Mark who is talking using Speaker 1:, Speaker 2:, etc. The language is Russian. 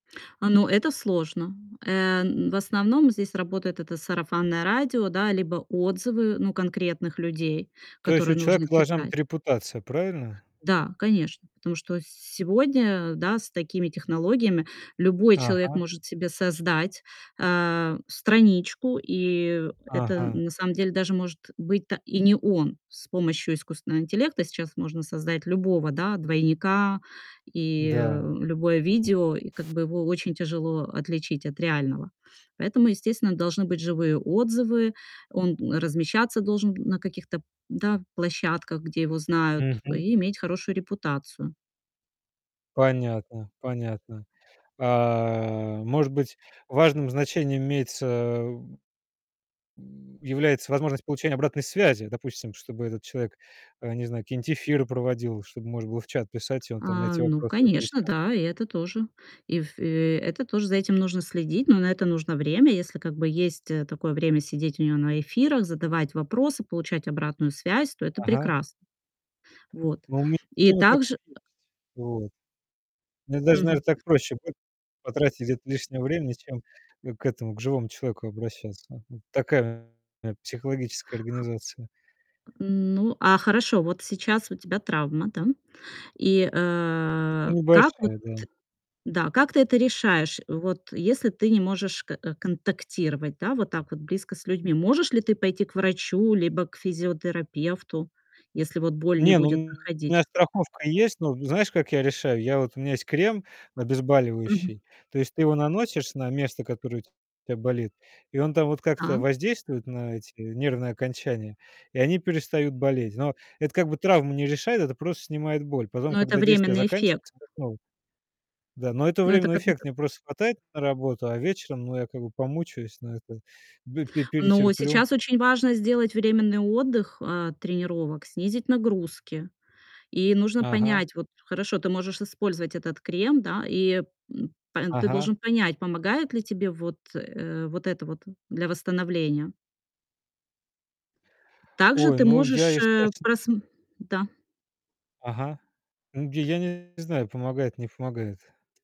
Speaker 1: А, ну это сложно. Э, м, в основном здесь работает это сарафанное радио, да, либо отзывы, ну конкретных людей,
Speaker 2: То есть
Speaker 1: которые
Speaker 2: у
Speaker 1: нужно
Speaker 2: человека должна быть
Speaker 1: читать.
Speaker 2: репутация, правильно?
Speaker 1: Да, конечно. Потому что с сегодня, да, с такими технологиями любой человек
Speaker 2: Ага.
Speaker 1: может себе создать, э, страничку, и это,
Speaker 2: Ага.
Speaker 1: на самом деле, даже может быть-то и не он. С помощью искусственного интеллекта сейчас можно создать любого, да, двойника, и
Speaker 2: Да.
Speaker 1: любое видео, и как бы его очень тяжело отличить от реального. Поэтому, естественно, должны быть живые отзывы. Он размещаться должен на каких-то, да, площадках, где его знают,
Speaker 2: Мгм.
Speaker 1: и иметь хорошую репутацию.
Speaker 2: Понятно, понятно. А, может быть, важным значением имеется м, является возможность получения обратной связи. Допустим, чтобы этот человек, э, не знаю, какие-нибудь эфиры проводил, чтобы можно было в чат писать, и он там на
Speaker 1: А,
Speaker 2: эти
Speaker 1: ну
Speaker 2: вопросы
Speaker 1: конечно,
Speaker 2: отвечал.
Speaker 1: да. И это тоже. И в э, это тоже за этим нужно следить, но на это нужно время. Если как бы есть, э, такое время сидеть у него на эфирах, задавать вопросы, получать обратную связь, то это
Speaker 2: Ага.
Speaker 1: прекрас Вот.
Speaker 2: Ну у ми
Speaker 1: И
Speaker 2: именно такое
Speaker 1: также
Speaker 2: есть. Вот. Мне даже, наверное,
Speaker 1: Мгм.
Speaker 2: так проще будет потратить где-то лишнего времени, чем, э, к этому, к живому человеку обращаться. Вот такая у меня психологическая организация.
Speaker 1: Ну, а хорошо, вот сейчас у тебя травма, да? И,
Speaker 2: Ну
Speaker 1: э, как вот
Speaker 2: небольшая, да.
Speaker 1: да, как ты это решаешь? Вот если ты не можешь к контактировать, да, вот так вот близко с людьми, можешь ли ты пойти к врачу либо к физиотерапевту, если вот боль не
Speaker 2: Не, ну у
Speaker 1: будет
Speaker 2: меня
Speaker 1: проходить?
Speaker 2: страховка есть. Ну знаешь, как я решаю? Я вот у меня есть крем
Speaker 1: Мгм.
Speaker 2: обезболивающий. То есть ты его наносишь на место, которое у тебя болит. И он там вот как-то
Speaker 1: Да.
Speaker 2: воздействует на эти нервные окончания, и они перестают болеть. Но это как бы травму не решает, это просто снимает боль. Потом,
Speaker 1: Но это
Speaker 2: когда действие
Speaker 1: временный эффект.
Speaker 2: заканчивается, опять снова. Да, но это
Speaker 1: Но это
Speaker 2: временный
Speaker 1: как
Speaker 2: эффект.
Speaker 1: будто
Speaker 2: Мне просто хватает на работу, а вечером, ну я как бы помучаюсь, но это бэ пе
Speaker 1: Но
Speaker 2: перетерплю.
Speaker 1: сейчас очень важно сделать временный отдых, а, тренировок, снизить нагрузки. И нужно
Speaker 2: Ага.
Speaker 1: понять вот, хорошо, ты можешь использовать этот крем, да, и, м, па ты
Speaker 2: Ага.
Speaker 1: должен понять, помогает ли тебе вот, э, вот это вот для восстановления. Также
Speaker 2: Ой,
Speaker 1: ты
Speaker 2: ну я,
Speaker 1: можешь,
Speaker 2: если
Speaker 1: э,
Speaker 2: честно
Speaker 1: прасм да.
Speaker 2: Ага. Ну я не знаю: помогает, не помогает.